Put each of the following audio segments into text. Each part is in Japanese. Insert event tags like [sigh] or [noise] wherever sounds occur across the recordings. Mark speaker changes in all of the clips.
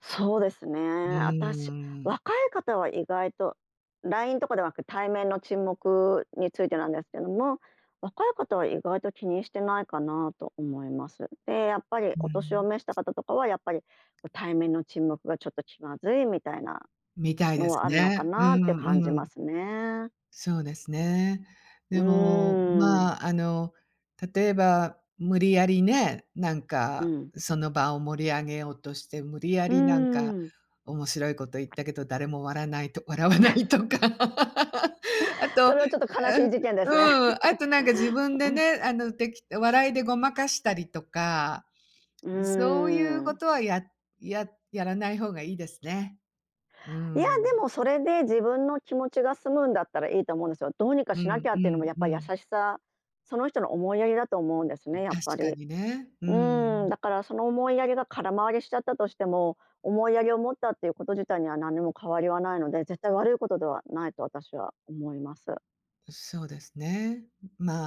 Speaker 1: そうですね、
Speaker 2: うー
Speaker 1: あたし
Speaker 2: ん。
Speaker 1: 若い方は意外と LINE とかではなく、対面の沈黙についてなんですけども、若い方は意外と気にしてないかなと思います。で、やっぱり
Speaker 2: う
Speaker 1: お年を
Speaker 2: ん。
Speaker 1: 召した方とかはやっぱりう対面の沈黙がちょっと気まずいみたいな、
Speaker 2: みたいで
Speaker 1: の
Speaker 2: す
Speaker 1: はあるのか
Speaker 2: ね。う
Speaker 1: なって感じ
Speaker 2: んう
Speaker 1: ま
Speaker 2: ん。
Speaker 1: すね。
Speaker 2: そうですね。
Speaker 1: う
Speaker 2: でも、
Speaker 1: ーん。
Speaker 2: まあ、あの、例えば、無理やりね、なん
Speaker 1: う
Speaker 2: か
Speaker 1: ん。
Speaker 2: その場を盛り上げようとして、無理や
Speaker 1: う
Speaker 2: りなんか
Speaker 1: ーん。
Speaker 2: 面白いこと言ったけど、誰もわらないと笑わない
Speaker 1: [chuckles]
Speaker 2: とか。[laughs] あと、
Speaker 1: そ
Speaker 2: あ、
Speaker 1: れはちょっと悲しい事件ですね。
Speaker 2: うん、あとなんか自分
Speaker 1: [chuckles]
Speaker 2: で
Speaker 1: うん。
Speaker 2: ね、あのてき笑いでごまかしたりとか。
Speaker 1: うー
Speaker 2: そういうこ
Speaker 1: ん。
Speaker 2: とはやややらない方がいいですね。うー
Speaker 1: いや
Speaker 2: ん。
Speaker 1: でも、それで自分の気持ちが済むんだったらいいと思うんですよ。どうにか
Speaker 2: う
Speaker 1: しなき
Speaker 2: ん、
Speaker 1: ゃ
Speaker 2: う
Speaker 1: っていうのも
Speaker 2: ん、
Speaker 1: やっ
Speaker 2: う
Speaker 1: ぱ優
Speaker 2: ん。
Speaker 1: しさその人の思いやりだと思うんですね、やっぱ
Speaker 2: 確か
Speaker 1: り。
Speaker 2: にね。うん
Speaker 1: うー
Speaker 2: う
Speaker 1: ん。
Speaker 2: ん。
Speaker 1: だからその思いやりが空回りしちゃったとしても、思いやりを持ったっていうこと自体には何にも変わりはないので、絶対悪いことではないと私は思います。
Speaker 2: うそうですね。ん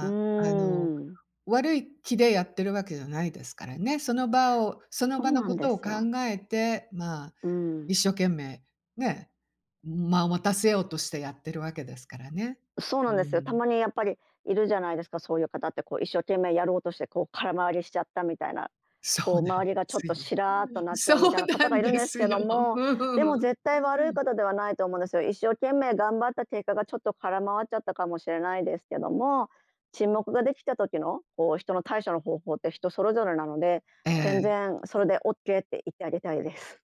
Speaker 1: うー
Speaker 2: あ、あの、
Speaker 1: ん。
Speaker 2: 悪い気でやってるわけじゃないですからね、その場をその
Speaker 1: そ
Speaker 2: 場
Speaker 1: う
Speaker 2: の
Speaker 1: な
Speaker 2: こ
Speaker 1: んで
Speaker 2: とを
Speaker 1: す
Speaker 2: 考
Speaker 1: よ。
Speaker 2: えて、まあ
Speaker 1: うん。
Speaker 2: 一生懸命ね。ん間を持たせようとしてやってるわけですからね。
Speaker 1: そうな
Speaker 2: う
Speaker 1: んですよ。た
Speaker 2: ん。
Speaker 1: まにやっぱり、いるじゃないですか、そういう方ってこう一生懸命やろうとして、こう空回りしちゃったみたいな、
Speaker 2: そ
Speaker 1: こ
Speaker 2: うな
Speaker 1: う
Speaker 2: ん
Speaker 1: 周り
Speaker 2: で
Speaker 1: がちょっ
Speaker 2: す
Speaker 1: と
Speaker 2: よ。
Speaker 1: シラーとなっち
Speaker 2: そ
Speaker 1: ゃうみ
Speaker 2: う
Speaker 1: たいな
Speaker 2: な
Speaker 1: 方が
Speaker 2: ん
Speaker 1: いるん
Speaker 2: で
Speaker 1: です
Speaker 2: す
Speaker 1: け
Speaker 2: よ。
Speaker 1: ど
Speaker 2: う
Speaker 1: も、
Speaker 2: んうん
Speaker 1: で
Speaker 2: う
Speaker 1: も
Speaker 2: ん、
Speaker 1: 絶対悪
Speaker 2: う
Speaker 1: い
Speaker 2: ーん。
Speaker 1: 方ではないと思うんですよ。一生懸命頑張った結果がちょっと空回っちゃったかもしれないですけども、沈黙ができた時のこう人の対処の方法って人それぞれなので、
Speaker 2: え
Speaker 1: 全
Speaker 2: え。
Speaker 1: 然それで OK って言ってあげたいです。